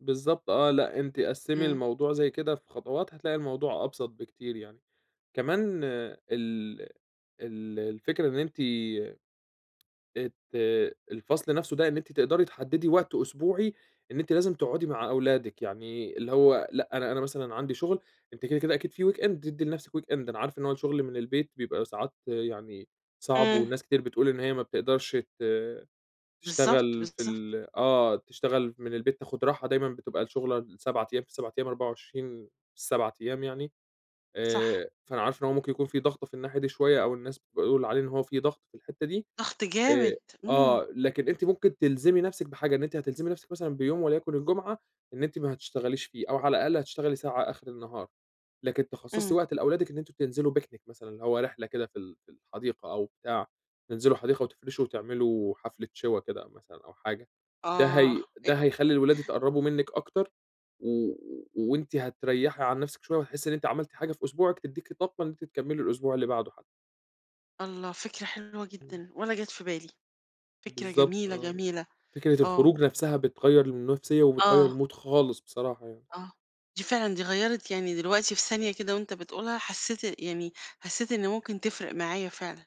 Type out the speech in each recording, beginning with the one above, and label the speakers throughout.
Speaker 1: بالضبط آه، لأ أنتِ قسِّمي
Speaker 2: إمم.
Speaker 1: الموضوع زي كده في خطوات، هتلاقي الموضوع أبسط بكتير يعني. كمان ال ال الفكرة إن أنتِ آآ ت الفصل نفْسه ده إن أنتِ تقدري تحددي وقت أسبوعي، إن أنتِ لازم تقعدي مع أولادِك، يعني اللي هو لأ أنا أنا مثلًا عندي شغل، أنتِ كده، كده، أكيد في weekend تدّي لنفْسك weekend، أنا عارف إن هو الشغل من البيت بيبقى ساعات يعني صعب،
Speaker 2: إمم.
Speaker 1: وناس كتير بتقول إن هي ما بتقدرش ت
Speaker 2: بالضبط،
Speaker 1: تشتغل في
Speaker 2: بالضبط.
Speaker 1: ال آه، تشتغل من البيت، تاخد راحة، دايمًا بتبقى الشغلة ال7 أيام في ال7 أيام، 24 في ال7 أيام يعني،
Speaker 2: صح.
Speaker 1: آآ فأنا عارف إن هو ممكن يكون في ضغطة في الناحية دي شوية أو الناس بيقول عليه إن هو في ضغط في الحتّة دي،
Speaker 2: ضغط جامد،
Speaker 1: آآ،
Speaker 2: إمم.
Speaker 1: آه لكن أنتِ ممكن تلزمي نفْسِك بحاجة، إن أنتِ هتلزمي نفْسِك مثلًا بيوم وليكن الجمعة إن أنتِ ما تشتغليش فيه، أو على الأقل هتشتغلي ساعة آخر النهار، لكن تِخصَّصي
Speaker 2: إمم.
Speaker 1: وقت لأولادِك إن أنتم تنزلوا picnic مثلًا، اللي هو رحلة كده في ال في الحديقة أو بتاع، تنزلوا حديقة وتفرشوا وتعملوا حفلة شوى كده مثلًا أو حاجة، ده
Speaker 2: آه،
Speaker 1: هي
Speaker 2: أ
Speaker 1: ده هيخلّي الولاد يتقرّبوا منِك أكتر، و وأنتِ هتريَّحي عن نفْسِك شوية وهتحسّي إن أنتِ عملتِ حاجة في أسبوعِك تديكِ طاقة إن أنتِ تكمّلي الأسبوع اللي بعده حتّى.
Speaker 2: الله فكرة حلوة
Speaker 1: إمم.
Speaker 2: جدًا! ولا جات في بالي، فكرة
Speaker 1: بالضبط
Speaker 2: جميلة،
Speaker 1: آه،
Speaker 2: جميلة،
Speaker 1: فكرة
Speaker 2: آه.
Speaker 1: الخروج نفْسها بتغيَّر النفْسية، وبتغيَّر
Speaker 2: آه.
Speaker 1: الMood خالص بصراحة يعني.
Speaker 2: آه دي فعلًا دي غيَّرت، يعني دلوقتي في ثانية كده وأنت بتقولها حسّيت يعني حسّيت إن ممكن تفرِق معايا فعلًا،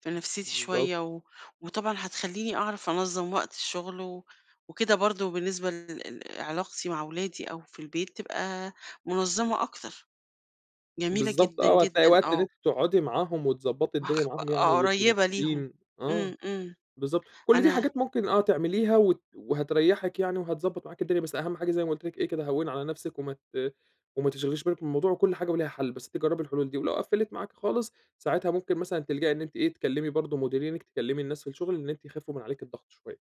Speaker 2: في
Speaker 1: امم،
Speaker 2: نفْسيتي
Speaker 1: بالضبط.
Speaker 2: شوية و وطبعًا هتخلّيني أعرف أنظَّم وقت الشغل و وكده برضه بالنسبة ل لعلاقتي مع أولادي أو في البيت تبقى منظمة أكتر، جميلة
Speaker 1: بالضبط
Speaker 2: جدًا،
Speaker 1: آه، وهتلاقي
Speaker 2: جدًا،
Speaker 1: وقت إن
Speaker 2: آه.
Speaker 1: أنتِ تقعدي معاهم وتضبّطي
Speaker 2: ما هو
Speaker 1: الدنيا
Speaker 2: خ
Speaker 1: معاهم يعني
Speaker 2: آه،
Speaker 1: ويبقوا
Speaker 2: قريبة ليهم،
Speaker 1: مبسوطين،
Speaker 2: إمم،
Speaker 1: آه،
Speaker 2: إمم،
Speaker 1: بالضبط، كلّ دي
Speaker 2: أنا
Speaker 1: حاجات ممكن آه تعمليها وت وهتريّحِك يعني وهتضبَّط معاكِ الدنيا، بس أهم حاجة زي ما قُلت لِك إيه كده، هوِّني على نفْسِك وما ت وما تشغليش بالِك بالموضوع وكلّ حاجة وليها حل، بس أنتِ جرّبي الحلول دي ولو قفّلِت معاكِ خالص، ساعتها ممكن مثلًا تلجأي إن أنتِ إيه، تكلّمي برضه مديرينِك، تكلّمي الناس في الشغل، إن أنتِ يخفوا من عليكِ الضغط شوية.